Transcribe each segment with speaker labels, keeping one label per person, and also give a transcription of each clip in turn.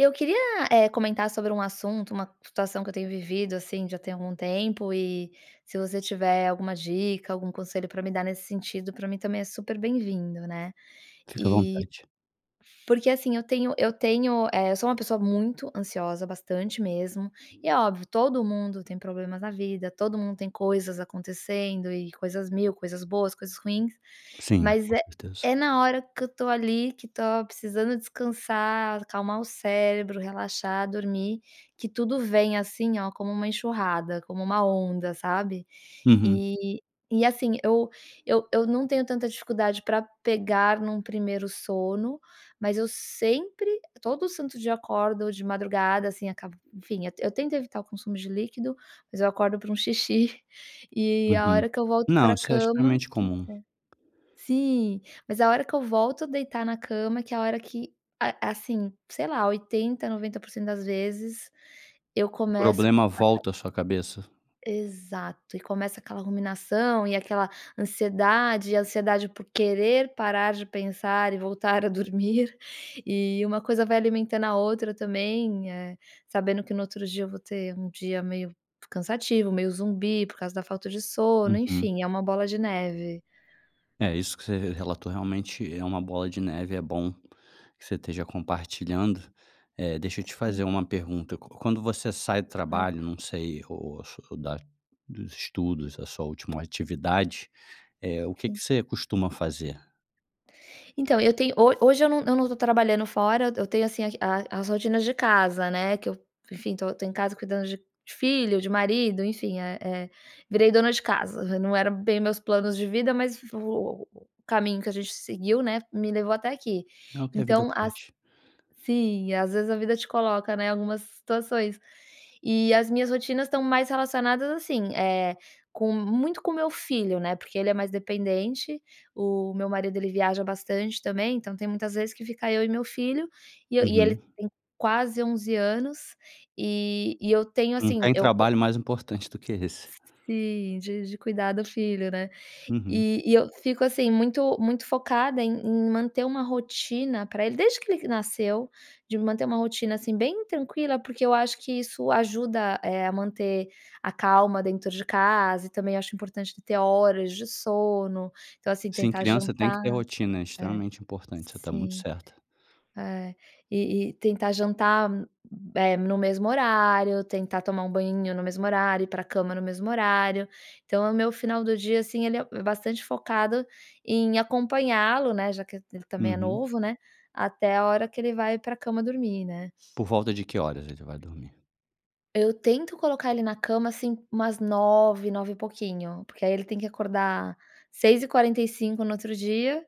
Speaker 1: Eu queria, eh, comentar sobre um assunto, uma situação que eu tenho vivido, assim, já tem algum tempo e se você tiver alguma dica, algum conselho pra me dar nesse sentido, pra mim também é super bem-vindo, né.
Speaker 2: Fique à
Speaker 1: E,
Speaker 2: vontade.
Speaker 1: porque assim eu tenho eu tenho, eh, eu sou uma pessoa muito ansiosa bastante mesmo, e é óbvio todo mundo tem problemas na vida, todo mundo tem coisas acontecendo e coisas mil coisas boas coisas ruins,
Speaker 2: Sim,
Speaker 1: mas
Speaker 2: com
Speaker 1: é
Speaker 2: certeza.
Speaker 1: é na hora que eu estou ali, que estou precisando descansar, acalmar o cérebro, relaxar, dormir que tudo vem assim, ó, como uma enxurrada, como uma onda sabe?
Speaker 2: Uhum.
Speaker 1: E, e assim eu, eu eu não tenho tanta dificuldade pra pegar no primeiro sono, mas eu sempre todo santo dia, eu acordo ou de madrugada, assim, acaba enfim, eu tento evitar o consumo de líquido, mas eu acordo pra um xixi e a
Speaker 2: Uhum.
Speaker 1: hora que eu volto
Speaker 2: Não,
Speaker 1: pra
Speaker 2: isso é
Speaker 1: cama,
Speaker 2: extremamente
Speaker 1: que é
Speaker 2: comum.
Speaker 1: sim, mas a hora que eu volto a deitar na cama, que é a hora que, a assim sei lá, 80 90% das vezes eu
Speaker 2: O
Speaker 1: começo
Speaker 2: problema
Speaker 1: [unintelligible]
Speaker 2: volta à sua cabeça?
Speaker 1: Exato e começa aquela ruminação, e aquela ansiedade e ansiedade por querer parar de pensar, e voltar a dormir. E uma coisa vai alimentando a outra também, eh, sabendo que no outro dia eu vou ter um dia meio cansativo, meio zumbi, por causa da falta de sono,
Speaker 2: Uhum.
Speaker 1: enfim, é uma bola de neve.
Speaker 2: É isso que você relatou, realmente é uma bola de neve, é bom que você esteja compartilhando. Eh, deixa eu te fazer
Speaker 1: Sim.
Speaker 2: uma pergunta. Quando você sai do trabalho,
Speaker 1: Claro.
Speaker 2: não sei, ou da dos estudos, essa sua última atividade, eh, o que que
Speaker 1: Sim.
Speaker 2: você costuma fazer?
Speaker 1: Então, eu tenho ho hoje eu não eu não tô trabalhando fora. Eu eu tenho, assim, a a as rotinas de casa, né, que eu, enfim, tô tô em casa cuidando de filho, de marido, enfim. Eh eh, virei dona de casa. Não era bem meus planos de vida mas o o o caminho que a gente seguiu, né, me levou até aqui.
Speaker 2: É o que a vida
Speaker 1: Então as
Speaker 2: traz.
Speaker 1: sim. Às vezes a vida te coloca, né, algumas situações. E as minhas rotinas estão mais relacionadas, assim, eh, com muito com meu filho, né, porque ele é mais dependente. O meu marido ele viaja bastante também. Então tem muitas vezes que fica eu e meu filho e eu e ele
Speaker 2: Uhum.
Speaker 1: tem quase 11 anos e e eu tenho,
Speaker 2: Não
Speaker 1: assim,
Speaker 2: tem
Speaker 1: eu eu
Speaker 2: trabalho mais importante do que esse.
Speaker 1: Sim, de de cuidar do filho, né.
Speaker 2: Uhum.
Speaker 1: E e eu fico, assim, muito muito focada em em manter uma rotina pra ele desde que ele nasceu. De manter uma rotina, assim, bem tranquila porque eu acho que isso ajuda, eh, a manter a calma dentro de casa e também acho importante de ter horas de sono. Então, assim,
Speaker 2: Sim,
Speaker 1: tentar
Speaker 2: criança tem que ter
Speaker 1: jantar.
Speaker 2: rotina. É
Speaker 1: É,
Speaker 2: extremamente importante. Você tá muito
Speaker 1: sim.
Speaker 2: certa.
Speaker 1: É. E e tentar jantar, hum, eh, no mesmo horário; tentar tomar um banhinho no mesmo horário; ir pra cama no mesmo horário. Então é o meu final do dia, assim, ele é bastante focado em acompanhá-lo, né, já que ele ele também é
Speaker 2: Uhum.
Speaker 1: novo, né, até a hora que ele vai pra cama dormir, né.
Speaker 2: Por volta de que horas eles vai dormir?
Speaker 1: Eu tento colocar ele na cama, assim, umas 21h nove; 21h e pouquinho. Porque aí ele tem que acordar 6h45 no outro dia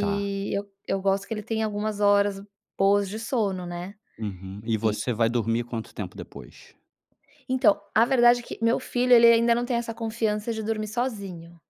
Speaker 2: Tá.
Speaker 1: eu eu gosto que ele tem algumas horas boas de sono, né.
Speaker 2: Uhum. E
Speaker 1: E
Speaker 2: você vai dormir quanto tempo depois?
Speaker 1: Então. A verdade é que meu filho ele ele ainda não tem essa confiança de dormir sozinho.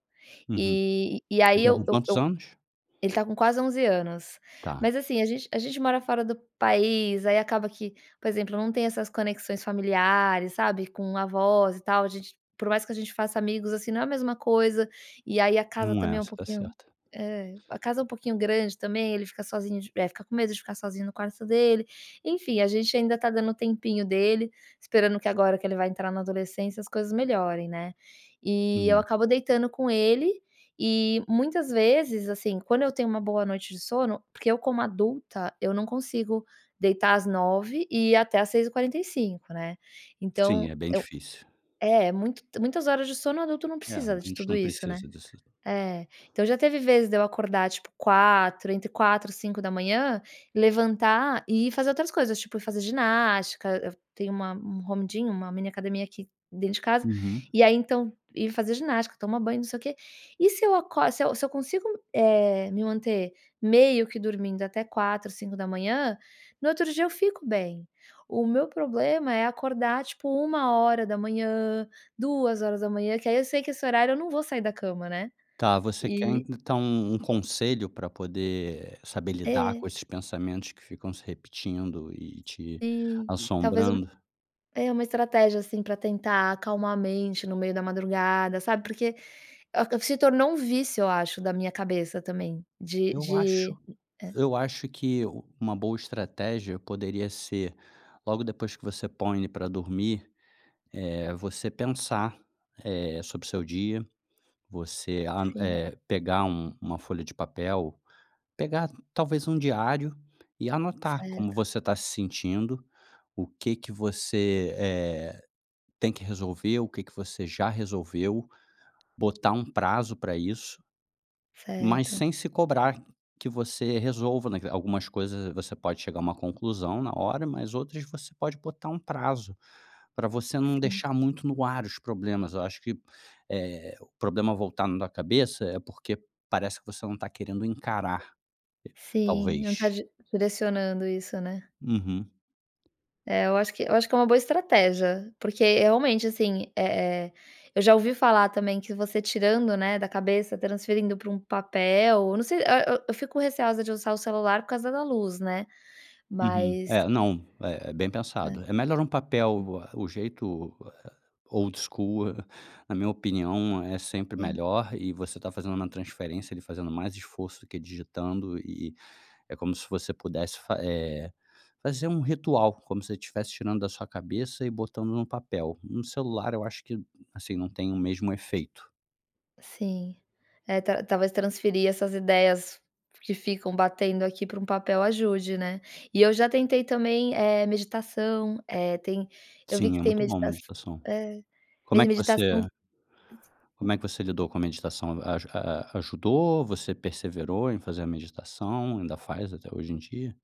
Speaker 2: Uhum.
Speaker 1: E e aí
Speaker 2: Ele tá
Speaker 1: eu
Speaker 2: com
Speaker 1: eu
Speaker 2: quantos
Speaker 1: eu
Speaker 2: anos?
Speaker 1: ele tá com quase 11 anos.
Speaker 2: Tá.
Speaker 1: Mas, assim, a gente a gente mora fora do país. Aí acaba que, por exemplo, não tem essas conexões familiares, sabe, com avós e tal. A gente por mais que a gente faça amigos, assim, não é a mesma coisa. E aí a casa
Speaker 2: Não é.
Speaker 1: também é um
Speaker 2: Você tá
Speaker 1: pouquinho
Speaker 2: certa.
Speaker 1: é. A casa é pouquinho grande, também. Ele fica sozinho de eh, fica com medo de ficar sozinho no quarto dele. Enfim, a gente ainda tá dando o tempinho dele. Esperando que agora que ele vai entrar na adolescência, as coisas melhorem, né. E eu
Speaker 2: Uhum.
Speaker 1: acabo deitando com ele e, muitas vezes, assim, quando eu tenho uma boa noite de sono porque eu como adulta eu não consigo deitar às 21h e ir até às 6h45, né.
Speaker 2: Sim,
Speaker 1: Então
Speaker 2: é bem
Speaker 1: eu
Speaker 2: difícil.
Speaker 1: é, muito muitas horas de sono adulto não
Speaker 2: É, a
Speaker 1: precisa de
Speaker 2: gente
Speaker 1: tudo
Speaker 2: não
Speaker 1: isso, né.
Speaker 2: precisa disso.
Speaker 1: É. Então já teve vezes de eu acordar, tipo, 4h entre 4h e 5h, levantar e ir fazer outras coisas, tipo, ir fazer ginástica. Eu tenho uma um home gym uma mini academia aqui dentro de casa.
Speaker 2: Uhum.
Speaker 1: E aí, então, ir fazer ginástica; tomar banho e não sei o quê. E se eu acor se eu se eu consigo, eh, me manter meio que dormindo até 4h, 5h, no outro dia eu fico bem. O meu problema é acordar, tipo, 1h, 2h, que aí eu sei que esse horário, eu não vou sair da cama, né.
Speaker 2: Tá. Você quer
Speaker 1: E
Speaker 2: e então, um conselho pra poder saber lidar
Speaker 1: É.
Speaker 2: com esses pensamentos que ficam se repetindo e te
Speaker 1: Sim. Talvez um
Speaker 2: assombrando?
Speaker 1: é, uma estratégia, assim, pra tentar acalmar a mente no meio da madrugada, sabe, porque acab se tornou um vício, eu acho, da minha cabeça também. De
Speaker 2: Eu acho
Speaker 1: de é.
Speaker 2: eu acho que uma boa estratégia poderia ser, logo depois que você põe ele pra dormir, eh, você pensar, eh, sobre o seu dia. Você, an
Speaker 1: Sim.
Speaker 2: eh, pegar um uma folha de papel. Pegar talvez um diário e anotar como
Speaker 1: Certo.
Speaker 2: você tá se sentindo. O que que você, eh, tem que resolver; o que que você já resolveu. Botar um prazo pra isso. Mas
Speaker 1: Certo.
Speaker 2: sem se cobrar que você resolva naque algumas coisas, você pode chegar a uma conclusão na hora, mas outras você pode botar um prazo, pra você não
Speaker 1: Sim.
Speaker 2: deixar muito no ar os problemas. Eu acho que, eh, o problema voltando na cabeça é porque parece que você não tá querendo encarar. Eh,
Speaker 1: Sim. Não tá
Speaker 2: talvez.
Speaker 1: di direcionando isso, né.
Speaker 2: Uhum.
Speaker 1: É, eu acho que eu acho que é uma boa estratégia. Porque, realmente, assim. Eh eh, eu já ouvi falar também que você tirando, né, da cabeça; transferindo pra um papel não sei a eu eu fico receosa de usar o celular por causa da luz, né.
Speaker 2: Uhum.
Speaker 1: Mas
Speaker 2: É, não. Eh, bem
Speaker 1: É.
Speaker 2: pensado. É melhor um
Speaker 1: Sim.
Speaker 2: papel. Ah, o jeito, ah, old school na minha opinião é sempre
Speaker 1: Sim.
Speaker 2: melhor, e você tá fazendo uma transferência, ali fazendo mais esforço do que digitando e e é como se você pudesse fa eh, fazer um ritual. Como se você estivesse tirando da sua cabeça e botando num papel. No celular eu acho que, assim, não tem o mesmo efeito.
Speaker 1: Sim. É, tal talvez transferir essas ideias que ficam batendo aqui para um papel ajude, né. E eu já tentei também, eh, meditação. Eh, tem eu vi
Speaker 2: Sim,
Speaker 1: que
Speaker 2: é
Speaker 1: tem
Speaker 2: muito bom
Speaker 1: meditaç
Speaker 2: meditação.
Speaker 1: eh,
Speaker 2: Como é
Speaker 1: medi
Speaker 2: que
Speaker 1: meditação
Speaker 2: você como é que você lidou com a meditação? Aju a a ajudou; você perseverou em fazer a meditação; ainda faz até hoje em dia?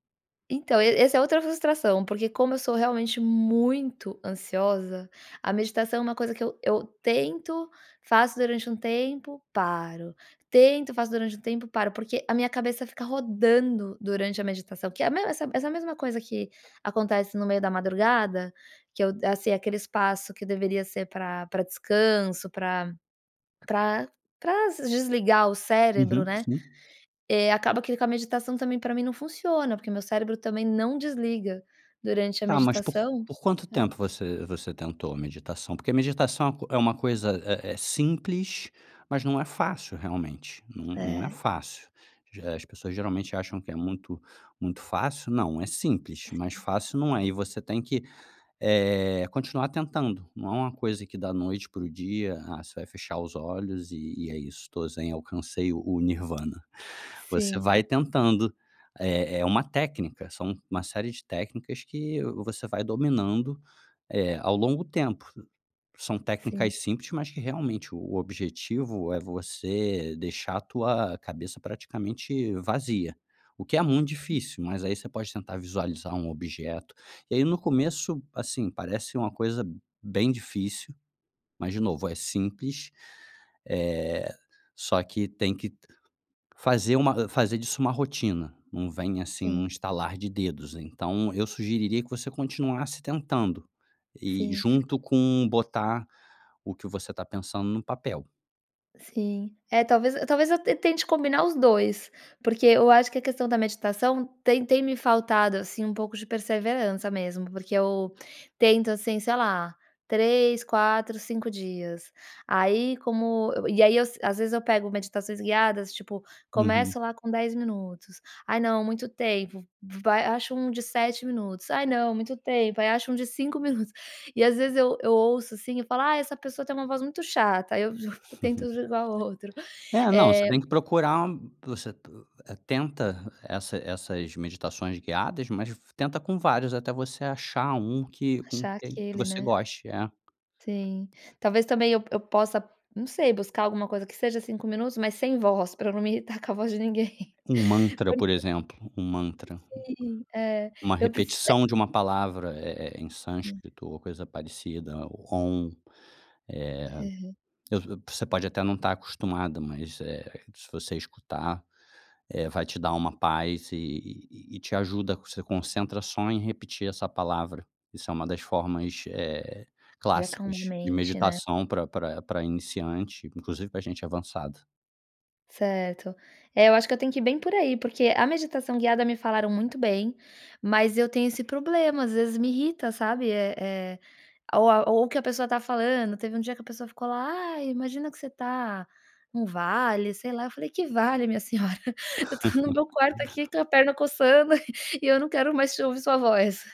Speaker 1: Então, es esse é outra frustração, porque como eu sou realmente muito ansiosa, a meditação é uma coisa que eu eu tento, faço durante tempo, paro. Tento, faço durante tempo, paro. Porque a minha cabeça fica rodando durante a meditação, que é a me essa essa mesma coisa que acontece no meio da madrugada, que eu assim, que é aquele espaço que deveria ser pra pra descanso, pra pra pra ass desligar o cérebro,
Speaker 2: Uhum,
Speaker 1: né,
Speaker 2: sim.
Speaker 1: eh, acaba que com a meditação também, pra mim não funciona, porque meu cérebro também não desliga durante a
Speaker 2: Tá, mas por
Speaker 1: meditação,
Speaker 2: por quanto
Speaker 1: né.
Speaker 2: tempo você você tentou meditação? Porque a meditação co é uma coisa, eh eh, simples, mas não é fácil realmente. Não não é
Speaker 1: É.
Speaker 2: fácil. D eh, as pessoas geralmente acham que é muito muito fácil, não, é simples, mas fácil não é. E você tem que, eh, continuar tentando. Não é uma coisa que da noite para o dia, "Ah, você vai fechar os olhos e e é isso, tô zen, alcancei o o Nirvana". Você
Speaker 1: Sim.
Speaker 2: vai tentando. É é uma técnica, são uma série de técnicas que você vai dominando, eh, ao longo tempo. São técnicas
Speaker 1: Sim.
Speaker 2: simples, mas que realmente, o o objetivo é você deixar a tua cabeça praticamente vazia, o que é muito
Speaker 1: Sim.
Speaker 2: difícil, mas aí você pode tentar visualizar um objeto. E aí no começo, assim, parece uma coisa bem difícil, mas de novo, é simples, eh, só que tem que fazer uma, hã, fazer disso uma rotina, não vem, assim, num
Speaker 1: Sim.
Speaker 2: estalar de dedos. Então, eu sugeriria que você continuasse tentando, e
Speaker 1: Sim.
Speaker 2: junto com botar o que você está pensando no papel.
Speaker 1: Sim. É, talvez e talvez eu te tente combinar os 2. Porque, eu acho que a questão da meditação, tem tem me faltado, assim, um pouco de perseverança mesmo, porque eu tento, assim, sei lá, 3, 4, 5 dias. Aí, como eu eu e aí eu se às vezes eu pego meditações guiadas, tipo,
Speaker 2: Uhum.
Speaker 1: começo lá com 10 minutos. "Ai não, muito tempo", v vai acho um de 7 minutos, "Ai não, muito tempo", aí acho um de 5 minutos. E às vezes eu eu ouço, assim, eu falo: "Ai, essa pessoa tem uma voz muito chata", aí eu [unintelligible] tento jogar outro.
Speaker 2: É, não, você
Speaker 1: Eh
Speaker 2: tem que procurar u você t eh, tenta essa essas meditações guiadas, mas v tenta com vários, até você achar um que com
Speaker 1: Achar
Speaker 2: que
Speaker 1: aquele,
Speaker 2: você
Speaker 1: né.
Speaker 2: goste. É.
Speaker 1: Sim. Talvez também eu eu possa, não sei, buscar alguma coisa, que seja 5 minutos, mas sem voz, pra eu não me irritar com a voz de ninguém.
Speaker 2: Um mantra, por
Speaker 1: Porque
Speaker 2: exemplo, um mantra.
Speaker 1: Sim, é.
Speaker 2: Uma
Speaker 1: Eu preciso, eh
Speaker 2: repetição de uma palavra, eh eh, em
Speaker 1: Hum.
Speaker 2: sânscrito, ou coisa parecida, ou "Om".
Speaker 1: Aham.
Speaker 2: Eh, eu eu você pode até não estar acostumada, mas, eh, se você escutar, eh, vai te dar uma paz, e e e te ajuda a você concentra só em repetir essa palavra. Isso é umas das formas, eh,
Speaker 1: De acalmar a
Speaker 2: clássicas de
Speaker 1: mente, né.
Speaker 2: meditação pra pra pra iniciante, inclusive pra gente avançado.
Speaker 1: Certo. É, eu acho que eu tenho que ir bem por aí porque, a meditação guiada me falaram muito bem, mas eu tenho esse problema, às vezes me irrita, sabe, eh, eh, ou a ou o que a pessoa tá falando, teve um dia que a pessoa ficou lá: "Ai, imagina que você tá num vale", sei lá, eu falei: "Que vale minha senhora, eu estou no meu quarto aqui com a perna coçando e eu não quero mais te ouvir sua voz.",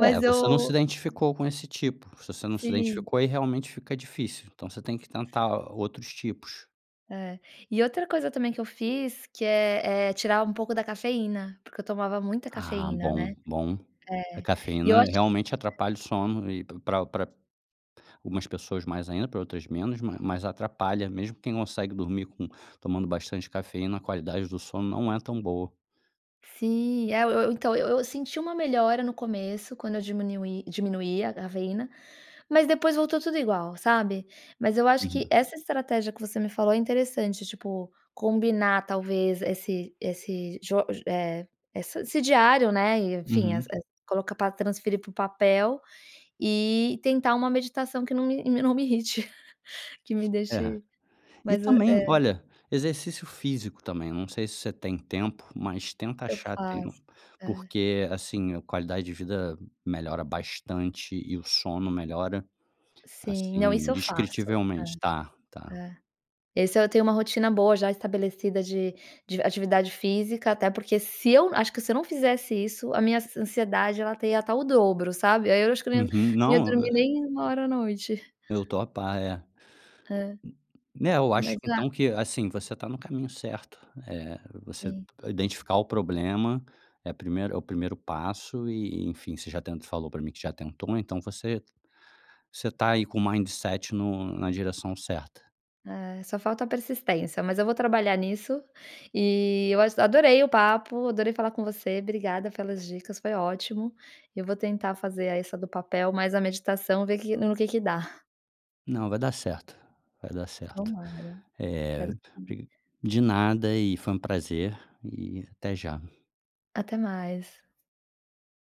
Speaker 2: É, você não se
Speaker 1: eu [unintelligible]
Speaker 2: identificou com esse tipo. Se você não se
Speaker 1: Sim.
Speaker 2: identificou, aí realmente fica difícil, então você tem que tentar outros tipos.
Speaker 1: É, e outra coisa também que eu fiz que é, eh, tirar um pouco da cafeína, porque eu tomava muita
Speaker 2: Ah,
Speaker 1: cafeína,
Speaker 2: bom,
Speaker 1: né,
Speaker 2: bom. A
Speaker 1: é. E eu
Speaker 2: cafeína
Speaker 1: acho
Speaker 2: realmente
Speaker 1: [unintelligible]
Speaker 2: atrapalha o sono e para para algumas pessoas mais ainda, para outras menos, mas mas atrapalha mesmo quem consegue dormir com tomando bastante cafeína, a qualidade do sono não é tão boa.
Speaker 1: Sim, é, eu eu, então eu eu senti uma melhora, no começo, quando eu diminuí diminuía a cafeína, mas depois voltou tudo igual, sabe? Mas eu acho que
Speaker 2: Uhum.
Speaker 1: essa estratégia que você me falou é interessante tipo, combinar talvez esse esse jo ge eh, essa esse diário, né, e, enfim, es
Speaker 2: Uhum.
Speaker 1: colocar pra transferir para o papel e tentar uma meditação que não me não me irrite, que me
Speaker 2: É.
Speaker 1: deixe
Speaker 2: E
Speaker 1: mas e,
Speaker 2: também,
Speaker 1: é.
Speaker 2: olha, exercício físico também, eu não sei se você tem tempo, mas tenta
Speaker 1: Eu
Speaker 2: achar tempo,
Speaker 1: faço. É.
Speaker 2: porque, assim, a qualidade de vida melhora bastante e o sono melhora,
Speaker 1: Sim,
Speaker 2: assim,
Speaker 1: não, isso eu faço.
Speaker 2: indescritivelmente, tá,
Speaker 1: É.
Speaker 2: tá.
Speaker 1: É. Esse eu tenho uma rotina boa já estabelecida de de atividade física, até porque se eu acho que se eu não fizesse isso, a minha an ansiedade ela ia até estar o dobro, sabe, aí eu acho que eu nem não
Speaker 2: Uhum.
Speaker 1: ia
Speaker 2: Não, eh...
Speaker 1: dormir nem 1 hora à noite.
Speaker 2: Eu tô a par, é.
Speaker 1: É.
Speaker 2: N né, eu acho
Speaker 1: Mas, ah
Speaker 2: então que, assim, você tá no caminho certo, eh, você
Speaker 1: Sim.
Speaker 2: identificar o problema, é primeiro é o primeiro passo, e, enfim, você já tentou falou pra mim que já tentou, então você, você tá aí com o mindset no na direção certa.
Speaker 1: É, só falta a persistência, mas eu vou trabalhar nisso e eu ach adorei o papo, adorei falar com você, obrigada pelas dicas, foi ótimo. Eu vou tentar fazer a essa do papel, mais a meditação, ver que no que que dá.
Speaker 2: Não, vai dar certo, vai dar certo,
Speaker 1: Tomara.
Speaker 2: eh.
Speaker 1: Espero que sim.
Speaker 2: [unintelligible] De nada e foi prazer e até já.
Speaker 1: Até mais.